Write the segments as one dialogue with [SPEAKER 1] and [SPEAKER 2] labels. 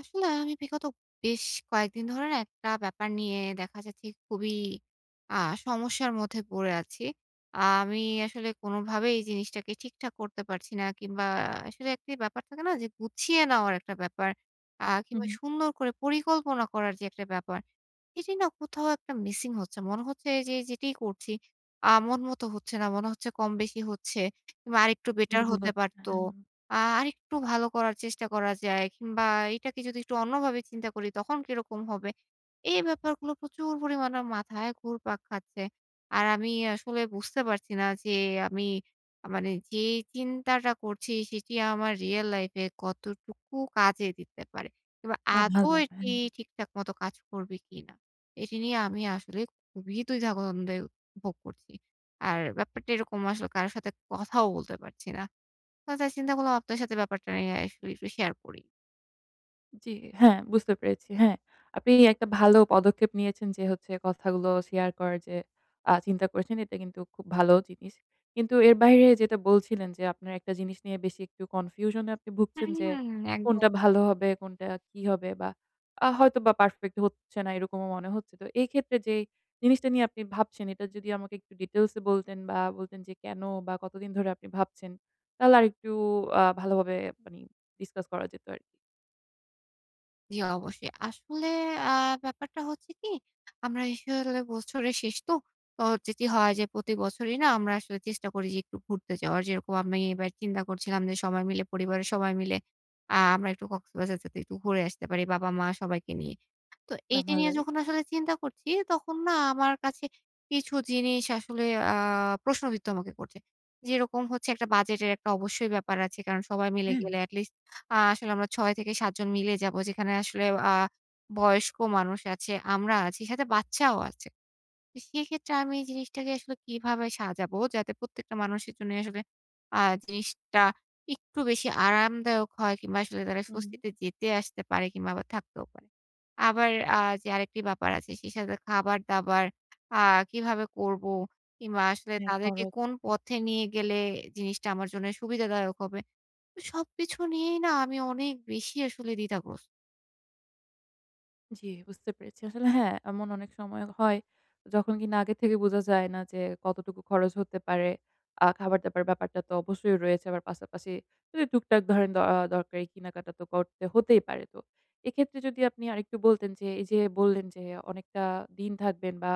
[SPEAKER 1] আসলে আমি বিগত বেশ কয়েকদিন ধরে না একটা ব্যাপার নিয়ে দেখা যাচ্ছে খুবই আ সমস্যার মধ্যে পড়ে আছি। আ আমি আসলে কোনভাবেই এই জিনিসটাকে ঠিকঠাক করতে পারছি না। কিংবা আসলে একটি ব্যাপার থাকে না? যে গুছিয়ে নেওয়ার একটা ব্যাপার। আ
[SPEAKER 2] হু,
[SPEAKER 1] কিংবা
[SPEAKER 2] হু।
[SPEAKER 1] সুন্দর করে পরিকল্পনা করার যে একটা ব্যাপার, এটি না কোথাও একটা মিসিং হচ্ছে। মনে হচ্ছে যে যেটিই করছি, আ মন মতো হচ্ছে না। মনে হচ্ছে কম বেশি হচ্ছে। কিংবা আরেকটু বেটার
[SPEAKER 2] ভুল
[SPEAKER 1] হতে
[SPEAKER 2] ভাবছে।
[SPEAKER 1] পারতো।
[SPEAKER 2] হ্যাঁ, এ।
[SPEAKER 1] আ আরেকটু ভালো করার চেষ্টা করা যায় কিংবা এটাকে যদি একটু অন্য ভাবে চিন্তা করি তখন কিরকম হবে? এই ব্যাপারগুলো প্রচুর পরিমাণে মাথায় ঘুরপাক খাচ্ছে। আর আমি আসলে বুঝতে পারছি না যে আমি আ মানে যে চিন্তাটা করছি, সেটি আমার রিয়াল লাইফে কতটুকু কাজে দিতে পারে। কিবা
[SPEAKER 2] বাহ!
[SPEAKER 1] আদৌ
[SPEAKER 2] ভাল।
[SPEAKER 1] এটি
[SPEAKER 2] হ্যাঁ।
[SPEAKER 1] ঠিকঠাক মতো কাজ করবে কিনা? এটি নিয়ে আমি আসলে খুবই দ্বিধাদ্বন্দ্বে ভোগ করছি। আর ব্যাপারটা এরকম আসলে কারো সাথে কথাও বলতে পারছি না। আ তা চিন্তা করলাম আপনার সাথে ব্যাপারটা নিয়ে আসলে একটু শেয়ার করি।
[SPEAKER 2] জ্বি, হ্যাঁ বুঝতে পেরেছি। হ্যাঁ। আপনি একটা ভালো পদক্ষেপ নিয়েছেন যে, হচ্ছে কথাগুলো শেয়ার করার যে আ চিন্তা করেছেন, এটা কিন্তু খুব ভালো জিনিস। কিন্তু এর বাহিরে যেটা বলছিলেন যে আপনার একটা জিনিস নিয়ে বেশি একটু কনফিউশনে আপনি ভুগছেন
[SPEAKER 1] হুম,
[SPEAKER 2] যে,
[SPEAKER 1] হুম। একদম।
[SPEAKER 2] কোনটা ভালো হবে? কোনটা কী হবে? বা, আ হয়তোবা পারফেক্ট হচ্ছে না, এরকমও মনে হচ্ছে। তো এইক্ষেত্রে যে জিনিসটা নিয়ে আপনি ভাবছেন, এটা যদি আমাকে একটু ডিটেইলসে বলতেন বা, বলতেন যে কেন বা, কতদিন ধরে আপনি ভাবছেন? তাহলে আরেকটু আ ভালোভাবে আ মানে discuss করা যেত আরকি।
[SPEAKER 1] জি, অবশ্যই। আসলে আ ব্যাপারটা হচ্ছে কি? আমরা আসলে বছরের শেষ তো, তো হচ্ছে কি? হয় যে প্রতি বছরই না আমরা আসলে চেষ্টা করি যে একটু ঘুরতে যাওয়ার। যেইরকম আমি এবার চিন্তা করছিলাম যে সবাই মিলে পরিবারের সবাই মিলে আ আমরা একটু কক্সবাজার যেতে, একটু ঘুরে আসতে পারি বাবা-মা সবাইকে নিয়ে। তো
[SPEAKER 2] বাহ!
[SPEAKER 1] এইটা নিয়ে
[SPEAKER 2] ভালোই।
[SPEAKER 1] যখন আসলে চিন্তা করছি, তখন না আমার কাছে কিছু জিনিস আসলে আ প্রশ্নবিদ্ধ আমাকে করছে। যেরকম হচ্ছে একটা বাজেটের একটা অবশ্যই ব্যাপার আছে। কারণ সবাই মিলে গেলে
[SPEAKER 2] উম।
[SPEAKER 1] এট লিস্ট আ আসলে আমরা ৬-৭ জন মিলে যাবো। যেখানে আসলে আ বয়স্ক মানুষ আছে, আমরা আছি, সাথে বাচ্চাও আছে। তো সেইক্ষেত্রে আমি এই জিনিসটাকে আসলে কিভাবে সাজাবো? যাতে প্রত্যেকটা মানুষের জন্যেই আসলে আ জিনিসটা একটু বেশি আরামদায়ক হয় কিংবা আসলে তারা
[SPEAKER 2] হু, হুম।
[SPEAKER 1] স্বস্তিতে যেতে-আসতে পারে কিংবা আবার থাকতেও পারে। আবার আ যে আরেকটি ব্যাপার আছে। সেই সাথে খাবার-দাবার আ কিভাবে করবো? কিংবা আসলে
[SPEAKER 2] হ্যাঁ,
[SPEAKER 1] তাদেরকে
[SPEAKER 2] খরচ।
[SPEAKER 1] কোন
[SPEAKER 2] হুম, হুম।
[SPEAKER 1] পথে নিয়ে গেলে জিনিসটা আমার জন্য সুবিধাদায়ক হবে? তো সবকিছু নিয়েই না আমি অনেক বেশি আসলে দ্বিধাগ্রস্ত।
[SPEAKER 2] জি। বুঝতে পেরেছি। আসলে হ্যাঁ, এমন অনেক সময় হয়। যখন কিনা আগে থেকে বুঝা যায় না যে, কতটুকু খরচ হতে পারে। আ খাবার দাবার ব্যাপারটা তো অবশ্যই রয়েছে। আবার পাশাপাশি, যদি টুকটাক ধরেন অ দরকারি কিনাকাটা তো করতে হতেই পারে। তো এক্ষেত্রে যদি আপনি আরেকটু বলতেন যে, এই যে বললেন যে অনেকটা দিন থাকবেন বা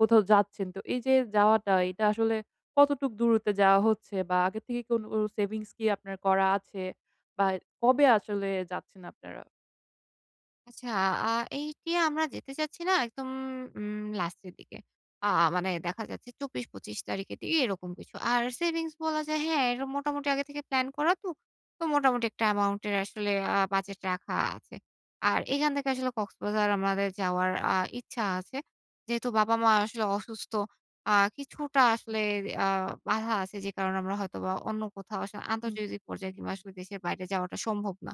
[SPEAKER 2] কোথাও যাচ্ছেন, তো এই যে যাওয়াটা এটা আসলে কতটুক দূরত্বে যাওয়া হচ্ছে বা আগের থেকে কোনো সেভিংস কি আপনার করা আছে বা কবে আসলে যাচ্ছেন আপনারা?
[SPEAKER 1] আচ্ছা আ এইটি আমরা যেতে চাচ্ছি না একদম উম লাস্টের দিকে। আ মানে দেখা যাচ্ছে ২৪ ২৫ তারিখের দিকে এরকম কিছু। আর সেভিংস বলা যায় হ্যাঁ, এরম মোটামুটি আগে থেকে প্ল্যান করা তো। তো মোটামুটি একটা অ্যামাউন্টের আসলে আ বাজেট রাখা আছে। আর এখান থেকে আসলে কক্সবাজার আমাদের যাওয়ার আ ইচ্ছা আছে। যেহেতু বাবা মা আসলে অসুস্থ। আ কিছুটা আসলে আ বাধা আছে, যে কারণে আমরা হয়তো বা অন্য কোথাও আসলে
[SPEAKER 2] ইন
[SPEAKER 1] আন্তর্জাতিক পর্যায়ে কিংবা
[SPEAKER 2] [unintelligible]
[SPEAKER 1] আসলে দেশের বাইরে যাওয়াটা সম্ভব না।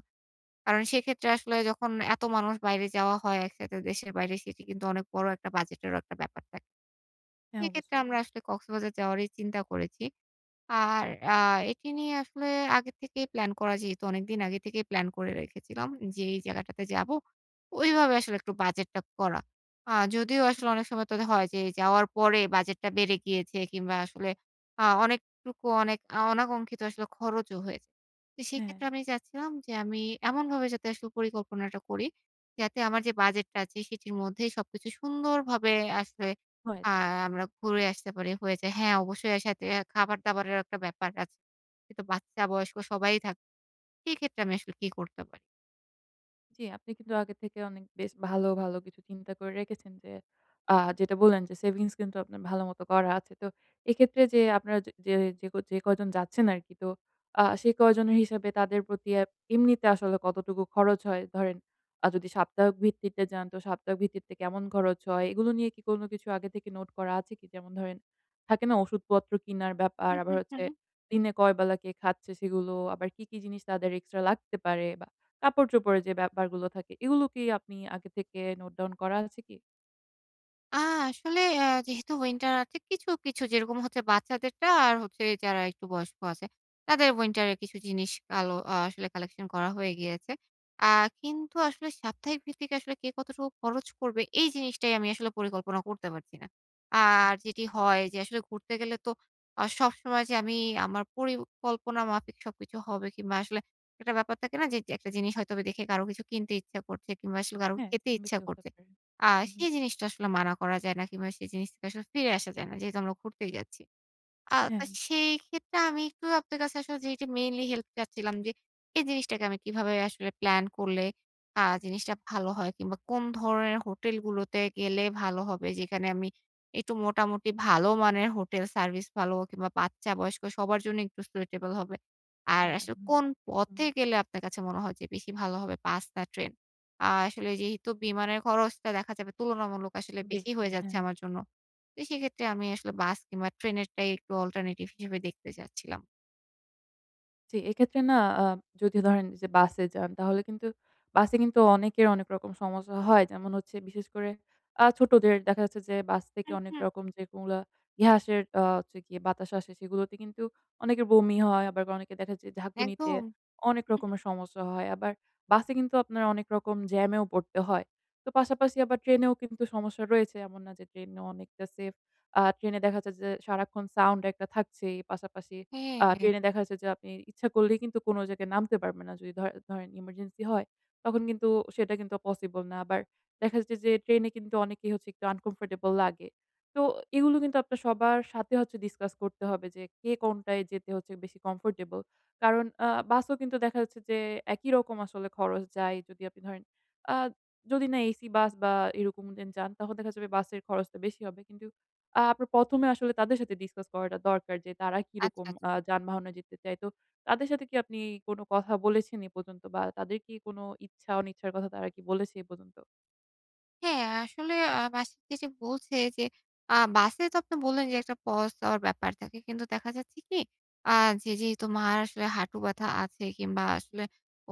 [SPEAKER 1] কারণ সেক্ষেত্রে আসলে যখন এত মানুষ বাইরে যাওয়া হয় একসাথে দেশের বাইরে, সেটি কিন্তু অনেক বড় একটা বাজেটেরও একটা ব্যাপার থাকে।
[SPEAKER 2] হ্যাঁ,
[SPEAKER 1] সেক্ষেত্রে
[SPEAKER 2] অবশ্যই।
[SPEAKER 1] আমরা আসলে কক্সবাজার যাওয়ারই চিন্তা করেছি। আর আ এটি নিয়ে আসলে আগে থেকেই প্লান করা যেহেতু অনেকদিন আগে থেকেই প্ল্যান করে রেখেছিলাম যে, এই জায়গাটাতে যাবো, ওইভাবে আসলে একটু বাজেট টা করা। আ যদিও আসলে অনেক সময় তো এদা হয় যে, যাওয়ার পরে বাজেটটা বেড়ে গিয়েছে, কিংবা আসলে আ অনেকটুকু অনেক আ অনাকঙ্ক্ষিত আসলে খরচও হয়েছে। তো
[SPEAKER 2] হ্যাঁ।
[SPEAKER 1] সেক্ষেত্রে আমি চাচ্ছিলাম যে, আমি এমনভাবে যাতে আসলে পরিকল্পনাটা করি, যাতে আমার যে বাজেট টা আছে, সেটির মধ্যেই সবকিছু সুন্দরভাবে আসলে।
[SPEAKER 2] হয়া
[SPEAKER 1] আ
[SPEAKER 2] যায়। হু।
[SPEAKER 1] আমরা ঘুরে আসতে পারি হয়ে যায়। হ্যাঁ, অবশ্যই এর সাথে খাবার দাবারের একটা ব্যাপার আছে। কিন্তু বাচ্চা বয়স্ক সবাই থাকবে। সেই ক্ষেত্রে আমি আসলে কি করতে পারি?
[SPEAKER 2] জ্বি, আপনি কিন্তু আগে থেকে অনেক বেশ ভালো, ভালো কিছু চিন্তা করে রেখেছেন, যে আ যেটা বললেন, যে সেভিংস কিন্তু আপনার ভালো মতো করা আছে। তো এক্ষেত্রে যে আপনারা যে যে যে ক যে কয়জন যাচ্ছেন আরকি, তো আ সে কয়জনের হিসাবে, তাদের প্রতি এব এমনিতে আসলে কতটুকু খরচ হয়? ধরেন আ যদি সাপ্তাহিক ভিত্তিতে যান, তো সাপ্তাহিক ভিত্তিতে কেমন খরচ হয়? এগুলো নিয়ে কি কোন কিছু আগে থেকে নোট করা আছে কি? যেমন ধরেন থাকে না? ওষুধপত্র কিনার ব্যাপার,
[SPEAKER 1] হু, হু,
[SPEAKER 2] আবার হচ্ছে
[SPEAKER 1] হু।
[SPEAKER 2] দিনে কয় বেলা কে খাচ্ছে? সেগুলো, আবার কি, কি জিনিস তাদের এক্সট্রা লাগতে পারে? বা, কাপড় চোপড়ের যে ব্যাপারগুলো থাকে, এগুলো কি আপনি আগে থেকে নোট ডাউন করা আছে কি?
[SPEAKER 1] আ আসলে অ্যা যেহেতু উইন্টার আছে, কিছু, কিছু যেরকম হচ্ছে বাচ্চাদেরটা আর হচ্ছে যারা একটু বয়স্ক আছে, তাদের উইন্টারের কিছু জিনিস কালো আ আসলে কালেকশন করা হয়ে গিয়েছে। আ কিন্তু আসলে সাপ্তাহিক ভিত্তিতে, আসলে কে কতটুকু খরচ করবে, এই জিনিসটাই আমি আসলে পরিকল্পনা করতে পারছি না।
[SPEAKER 2] হা।
[SPEAKER 1] আর যেটি হয় যে, আসলে ঘুরতে গেলে তো আ সবসময় যে আমি আমার পরিকল্পনা মাফিক সবকিছু হবে, কিংবা আসলে একটা ব্যাপার থাকে না? যে যেক একটা জিনিস হয়তোবা দেখে কারো কিছু কিনতে ইচ্ছা করছে, কিংবা আসলে কারো
[SPEAKER 2] হ্যাঁ,
[SPEAKER 1] খেতে ইচ্ছা
[SPEAKER 2] [unintelligible] হতে
[SPEAKER 1] করছে।
[SPEAKER 2] পারে।
[SPEAKER 1] আ
[SPEAKER 2] উহু।
[SPEAKER 1] সেই জিনিসটা আসলে মানা করা যায় না, কিংবা সেই জিনিসটা আসলে ফিরে আসা যায় না। যেহেতু আমরা ঘুরতেই যাচ্ছি। আ তা
[SPEAKER 2] হ্যাঁ।
[SPEAKER 1] সেইক্ষেত্রে, আমি একটু আপনার কাছে আসলে যেইটা মেইনলি হেল্প চাচ্ছিলাম, যে এই জিনিসটাকে আমি কিভাবে আসলে প্ল্যান করলে আ জিনিসটা ভালো হয়, কিংবা কোন ধরনের হোটেলগুলোতে গেলে ভালো হবে? যেখানে আমি একটু মোটামুটি ভালো মানের হোটেল সার্ভিস ভালো, কিংবা বাচ্চা বয়স্ক সবার জন্য একটু suitable হবে? আর
[SPEAKER 2] হ্যাঁ।
[SPEAKER 1] আসলে
[SPEAKER 2] উমবা
[SPEAKER 1] কোন
[SPEAKER 2] হুম।
[SPEAKER 1] পথে গেলে, আপনার কাছে মনে হয় যে বেশি ভালো হবে? বাস না ট্রেন? আ আসলে যেহেতু বিমানের খরচটা দেখা যাবে তুলনামূলক আসলে বেশি
[SPEAKER 2] বেশি,
[SPEAKER 1] হয়ে যাচ্ছে
[SPEAKER 2] হ্যাঁ।
[SPEAKER 1] আমার জন্য। তো সেক্ষেত্রে আমি আসলে বাস কিংবা ট্রেনেরটাই একটু অল্টারনেটিভ হিসেবে দেখতে চাচ্ছিলাম।
[SPEAKER 2] জি, এক্ষেত্রে না অ্যা যদি ধরেন যে বাসে যান তাহলে কিন্তু বাসে কিন্তু অনেকের অনেক রকম সমস্যা হয়। যেমন হচ্ছে বিশেষ করে অ্যা ছোটদের দেখা যাচ্ছে যে বাস থেকে অনেক
[SPEAKER 1] উহু।
[SPEAKER 2] রকম যে কোন গুলা গ্যাসের আ হচ্ছে গিয়ে বাতাস আসে সেগুলোতে কিন্তু অনেকের বমি হয়। আবার অনেকে দেখা যে ঝাকুনিতে
[SPEAKER 1] একদম।
[SPEAKER 2] অনেক রকমের
[SPEAKER 1] [unintelligible]
[SPEAKER 2] সমস্যা হয়। আবার বাসে কিন্তু আপনার অনেক রকম জ্যামেও পরতে হয়। তো পাশাপাশি আবার ট্রেনেও কিন্তু সমস্যা রয়েছে এমন না যে ট্রেনে অনেকটা সেফ। অ্যা ট্রেনে দেখা যায় যে সারাক্ষণ সাউন্ড একটা থাকছেই। পাশাপাশি
[SPEAKER 1] হ্যাঁ,
[SPEAKER 2] অ্যা
[SPEAKER 1] হ্যাঁ।
[SPEAKER 2] ট্রেনে দেখা যাচ্ছে যে আপনি ইচ্ছা করলেই কিন্তু কোন জায়গায় নামতে পারবেন না। যদি ধরে ধরেন ইমার্জেন্সি হয়, তখন কিন্তু সেটা কিন্তু পসিবল না। আবার দেখা যাচ্ছে যে ট্রেনে কিন্তু অনেকেই হচ্ছে একটু uncomfortable লাগে। তো এগুলো কিন্তু আপনার সবার সাথে হচ্ছে discuss করতে হবে যে কে কোনটায় যেতে হচ্ছে বেশি comfortable. কারন অ্যা বাসও কিন্তু দেখা যাচ্ছে যে একই রকম আসলে খরচ যায়। যদি আপনি ধরেন অ্যা যদি না এসি বাস বা এরকম [unintelligible] যান তাহলে দেখা যাবে বাসের খরচটা বেশি হবে। কিন্তু আপনার প্রথমে আসলে তাদের সাথে discuss করাটা দরকার। যে তারা
[SPEAKER 1] আচ্ছা,
[SPEAKER 2] কিরকম অ্যা
[SPEAKER 1] আচ্ছা।
[SPEAKER 2] যানবাহনে যেতে চায়। তো তাদের সাথে কি আপনি কোন কথা বলেছেন এ পর্যন্ত? বা তাদের কি কোন ইচ্ছা অনিচ্ছার কথা তারা কি বলেছে এ পর্যন্ত?
[SPEAKER 1] হ্যাঁ আসলে আ বাস এসে বলছে যে আ বাসে তো আপনি বললেন যে, একটা পস দেওয়ার ব্যাপার থাকে কিন্তু দেখা যাচ্ছে কি? আ যে যেহেতু মার আসলে হাঁটু ব্যাথা আছে কিংবা আসলে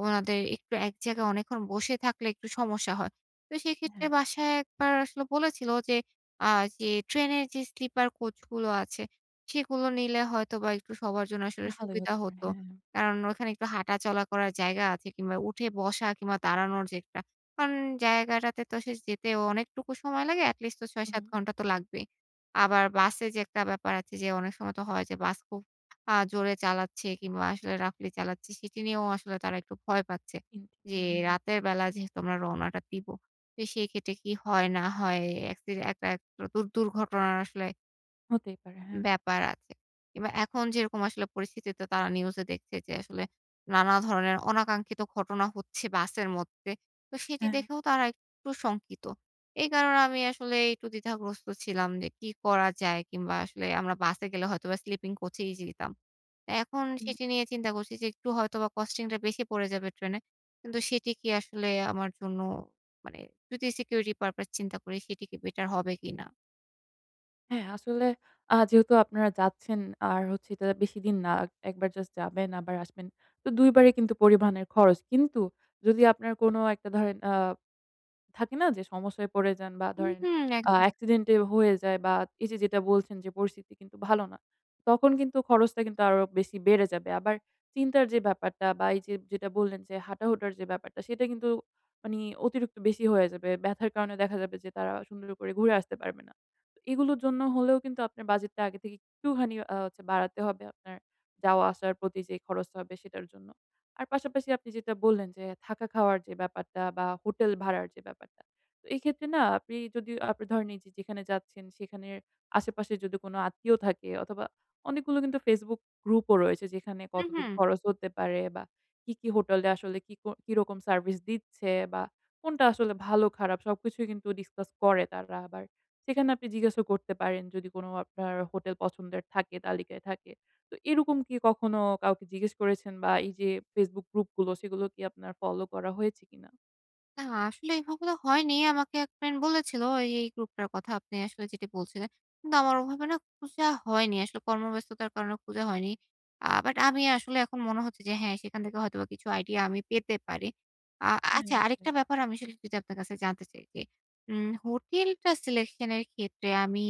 [SPEAKER 1] ওনাদের একটু এক জায়গায় অনেকক্ষণ বসে থাকলে একটু সমস্যা হয়। তো
[SPEAKER 2] এহে।
[SPEAKER 1] সেক্ষেত্রে বাসায় ১ বার আসলে বলেছিলো যে আ যে, ট্রেনের যে স্লিপার কোচগুলো আছে সেগুলো নিলে হয়তো বা একটু সবার জন্য আসলে
[SPEAKER 2] ভালোই
[SPEAKER 1] সুবিধা
[SPEAKER 2] হতে পারে।
[SPEAKER 1] হতো।
[SPEAKER 2] হ্যা।
[SPEAKER 1] কারণ ওখানে একটু হাঁটাচলা করার জায়গা আছে কিংবা উঠে বসা কিংবা দাঁড়ানোর যে একটা, কারণ জায়গাটাতে তো আসলে যেতে অনেকটুকু সময় লাগে। at least তো ৬-৭
[SPEAKER 2] উহু।
[SPEAKER 1] ঘণ্টা তো লাগবেই। আবার বাসে যে একটা ব্যাপার আছে যে অনেক সময় তো হয় যে বাস খুব আ জোরে চালাচ্ছে কিংবা আসলে roughly চালাচ্ছে, সেটি নিয়েও আসলে তারা একটু ভয় পাচ্ছে
[SPEAKER 2] চিন্তিত
[SPEAKER 1] জি,
[SPEAKER 2] হয়। হ্যাঁ, হ্যাঁ।
[SPEAKER 1] রাতের বেলা যেহেতু আমরা রওনাটা দিব। তো সেই ক্ষেত্রে কি হয় না হয় একসিডে একটা একটা দু দু দুর্ঘটনার আসলে
[SPEAKER 2] হতেই পারে, হ্যাঁ।
[SPEAKER 1] ব্যাপার আছে। কিংবা এখন যেরকম আসলে পরিস্থিতিতে তো তারা নিউজ দেখছে যে আসলে নানা ধরনের অনাকাঙ্ক্ষিত ঘটনা হচ্ছে বাসের মধ্যে। তো সেটি
[SPEAKER 2] হ্যাঁ, হ্যাঁ।
[SPEAKER 1] দেখেও তারা একটু শঙ্কিত। এই কারণে আমি আসলে একটু দ্বিধাগ্রস্ত ছিলাম যে কি করা যায়? কিংবা আসলে আমরা বাসে গেলে হয়তোবা স্লিপিং কোচ এই যেতাম। এখন
[SPEAKER 2] হুম।
[SPEAKER 1] সেটি নিয়ে চিন্তা করছি যে একটু হয়তোবা কস্টিং টা বেশি পড়ে যাবে ট্রেনে। কিন্তু সেটি কি আসলে আমার জন্য মানে যদি security purpose চিন্তা করি সেটি কি বেটার হবে কিনা?
[SPEAKER 2] হ্যাঁ, আসলে আ যেহেতু আপনারা যাচ্ছেন আর হচ্ছে এটা বেশি দিন না। আক ১ বার জাস্ট যাবেন আবার আসবেন। তো ২ বারই কিন্তু পরিবহনের খরচ। কিন্তু যদি আপনার কোন একটা ধরেন আ থাকে না যে সমস্যায় পড়ে যান বা
[SPEAKER 1] হুম,
[SPEAKER 2] ধরেন
[SPEAKER 1] হুম।
[SPEAKER 2] আ
[SPEAKER 1] একদম।
[SPEAKER 2] অ্যাক্সিডেন্টে হয়ে যায় বা এই যে যেটা বলছেন যে পরিস্থিতি কিন্তু ভালো না। তখন কিন্তু খরচটা কিন্তু আরো বেশি বেড়ে যাবে। আবার চিন্তার যে ব্যাপারটা বা এই যে যেটা বললেন যে, হাঁটা-হুটার যে ব্যাপারটা, সেইটা কিন্তু মানি অতিরিক্ত বেশি হয়ে যাবে। ব্যথার কারণে দেখা যাবে যে তারা সুন্দর করে ঘুরে আসতে পারবে না। তো এগুলোর জন্য হলেও কিন্তু আপনার বাজেটটা আগে থেকে একটুখানি আ হচ্ছে বাড়াতে হবে আপনার যাওয়া-আসার প্রতি যে খরচটা হবে সেইটার জন্য। আর পাশাপাশি আপনি যেটা বললেন যে, থাকা খাওয়ার যে ব্যাপারটা বা হোটেল ভাড়ার যে ব্যাপারটা। তো এইক্ষেত্রে না আপনি যদি আপনি ধরেন এই যে যেখানে যাচ্ছেন সেখানের আশেপাশে যদি কোনো আত্মীয় থাকে অথবা অনেকগুলো কিন্তু Facebook গ্রুপ ও রয়েছে যেইখানে
[SPEAKER 1] হু,
[SPEAKER 2] কতটুকু
[SPEAKER 1] হু।
[SPEAKER 2] খরচ হতে পারে বা কি, কি হোটেলে আসলে কিক কিরকম সার্ভিস দিচ্ছে বা কোনটা আসলে ভালো-খারাপ সবকিছুই কিন্তু ডিসকাস করে তারা আবার। সেইখানে আপনি জিজ্ঞাসও করতে পারেন যদি কোন আপনার হোটেল পছন্দের থাকে, তালিকায় থাকে। তো এইরকম কি কখনো কাউকে জিজ্ঞেস করেছেন? বা এই যে Facebook গ্রুপ গুলো সেগুলো কি আপনার ফলো করা হয়েছে কিনা?
[SPEAKER 1] না আসলে এইগুলো হয়নি। আমাকে এক ফ্রেন্ড বলেছিল এই এই গ্রুপটার কথা আপনি আসলে যেটি বলছিলেন। কিন্তু আমার ওভাবে না খুঁজা হয়নি। আসলে কর্মব্যস্ততার কারণে খুঁজা হয়নি। আ বাট আমি আসলে এখন মনে হচ্ছে যে হ্যাঁ, সেখান থেকে হয়তোবা কিছু আইডিয়া আমি পেতে পারি। আ
[SPEAKER 2] হ্যাঁ
[SPEAKER 1] আচ্ছা
[SPEAKER 2] অকে।
[SPEAKER 1] আরেকটা ব্যাপার আমি সেটা একটু যদি আপনার কাছে জানতে চাই যে উম হোটেলটা সিলেকশনের ক্ষেত্রে আমি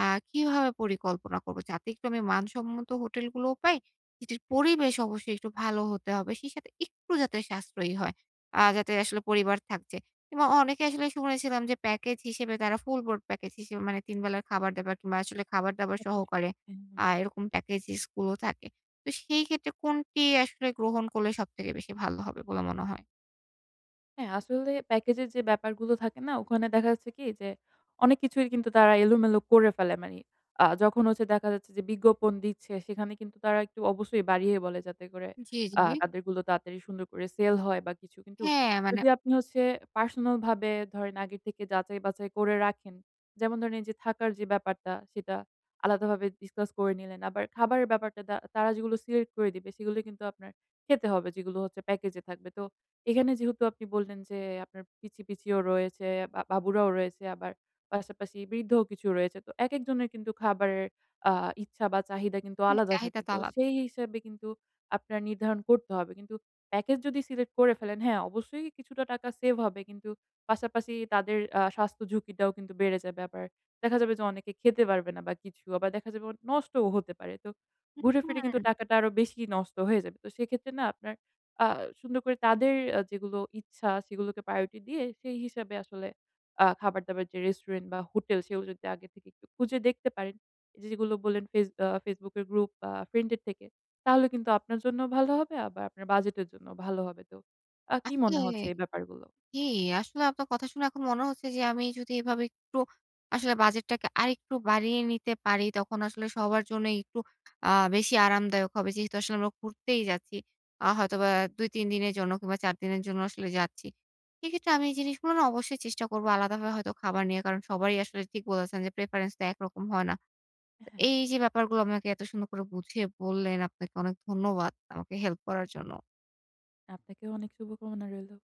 [SPEAKER 1] আ কিভাবে পরিকল্পনা করবো? যাতে একটু আমি মানসম্মত হোটেলগুলোও পাই, যেটির পরিবেশ অবশ্যই একটু ভালো হতে হবে। সেই সাথে একটু যাতে সাশ্রয়ী হয়। আ যাতে আসলে
[SPEAKER 2] হুম।
[SPEAKER 1] পরিবার থাকছে। কিংবা অ অনেকে আসলে শুনেছিলাম যে প্যাকেজ হিসেবে তারা ফুল বোর্ড প্যাকেজ হিসেবে মানে ৩ বেলার খাবার-দাবার কিংবা আসলে খাবার-দাবার সহকারে
[SPEAKER 2] [unintelligible] হ্যাঁ হুম।
[SPEAKER 1] আ এরকম প্যাকেজেস গুলো থাকে। তো সেইক্ষেত্রে কোনটি আসলে গ্রহণ করলে সবথেকে বেশি ভালো হবে বলে মনে হয়?
[SPEAKER 2] হ্যাঁ আসলে প্যাকেজ এর যে ব্যাপারগুলো থাকে না ওখানে দেখা যাচ্ছে কি যে অনেক কিছুর কিন্তু তারা এলোমেলো করে ফেলে মানি আ যখন হচ্ছে দেখা যাচ্ছে যে বিজ্ঞাপন দিচ্ছে সেখানে কিন্তু তারা একটু অবশ্যই বাড়িয়ে বলে যাতে করে
[SPEAKER 1] জি,
[SPEAKER 2] আ
[SPEAKER 1] জি।
[SPEAKER 2] তাদেরগুলো তাড়াতাড়ি সুন্দর করে সেল হয় বা কিছু। কিন্তু
[SPEAKER 1] হ্যাঁ, মানে
[SPEAKER 2] যদি আপনি হচ্ছে পার্সোনালভাবে ধরেন আগের থেকে যাচাই বাচাই করে রাখেন, যেমন ধরেন এইযে থাকার যে ব্যাপারটা সেটা আলাদাভাবে ডিসকাস করে নিলেন। আবার খাবারের ব্যাপারটা তা তারা যেগুলো সিলেক্ট করে দিবে। সেগুলোই কিন্তু আপনার খেতে হবে যেগুলো হচ্ছে প্যাকেজে থাকবে। তো এখানে যেহেতু আপনি বললেন যে আপনার পিচ্চি পিচ্চিও রয়েছে বা বাবুরাও রয়েছে আবার পাশাপাশি বৃদ্ধও কিছু রয়েছে। তো একেক জনের কিন্তু খাবারের আ ইচ্ছা বা চাহিদা কিন্তু
[SPEAKER 1] হ্যাঁ
[SPEAKER 2] আলাদা
[SPEAKER 1] চাহিদা
[SPEAKER 2] থাকে।
[SPEAKER 1] তো
[SPEAKER 2] তো
[SPEAKER 1] আলাদা।
[SPEAKER 2] সেই হিসাবে কিন্তু আপনার নির্ধারণ করতে হবে। কিন্তু প্যাকেজ যদি সিলেক্ট করে ফেলেন, হ্যাঁ অবশ্যই কিছুটা টাকা সেভ হবে কিন্তু পাশাপাশি তাদের আ স্বাস্থ্য ঝুঁকিটাও কিন্তু বেড়ে যাবে আবার দেখা যাবে অনেকে খেতে পারবে না বা কিছু আবার দেখা যাবে অ নষ্টও হতে পারে। তো
[SPEAKER 1] হুম,
[SPEAKER 2] ঘুরে ফিরে কিন্তু
[SPEAKER 1] হুম।
[SPEAKER 2] টাকাটা আরো বেশি নষ্ট হয়ে যাবে। তো সেক্ষেত্রে না আপনার আ সুন্দর করে তাদের অ্যা যেগুলো ইচ্ছা সেগুলোকে প্রায়োরিটি দিয়ে সেই হিসাবে আসলে আ খাবার-দাবার যে রেস্টুরেন্ট বা হোটেল সেগুলো যদি আগে থেকে একটু খুঁজে দেখতে পারেন এইযে যেগুলো বললেন ফেস আ Facebook এর গ্রুপ বা ফ্রেন্ডের থেকে, তাহলে কিন্তু আপনার জন্য ভালো হবে বা আপনার বাজেটের জন্যও ভালো হবে। তো আ কি
[SPEAKER 1] আসলে,
[SPEAKER 2] মনে হচ্ছে এই ব্যাপারগুলো?
[SPEAKER 1] কি? আসলে আপনার কথা শুনে এখন মনে হচ্ছে যে আমি যদি এভাবে একটু আসলে বাজেটটাকে আরেকটু বাড়িয়ে নিতে পারি তখন আসলে সবার জন্য একটু আ বেশি আরামদায়ক হবে। যেহেতু আসলে আমরা ঘুরতেই যাচ্ছি। আ হয়তোবা ২-৩ দিনের জন্য কিংবা ৪ দিনের জন্য আসলে যাচ্ছি। সেইক্ষেত্রে আমি এই জিনিসগুলো না অবশ্যই চেষ্টা করবো আলাদাভাবে হয়তো খাবার নিয়ে। কারণ সবারই আসলে ঠিক বলেছেন যে প্রেফারেন্স তো একরকম হয় না।
[SPEAKER 2] এ
[SPEAKER 1] তো
[SPEAKER 2] হ্যাঁ।
[SPEAKER 1] এইযে ব্যাপারগুলো আমাকে এত সুন্দর করে বুঝিয়ে বললেন আপনাকে অনেক ধন্যবাদ আমাকে হেল্প করার জন্য।
[SPEAKER 2] আপনাকেও অনেক শুভকামনা রইলো।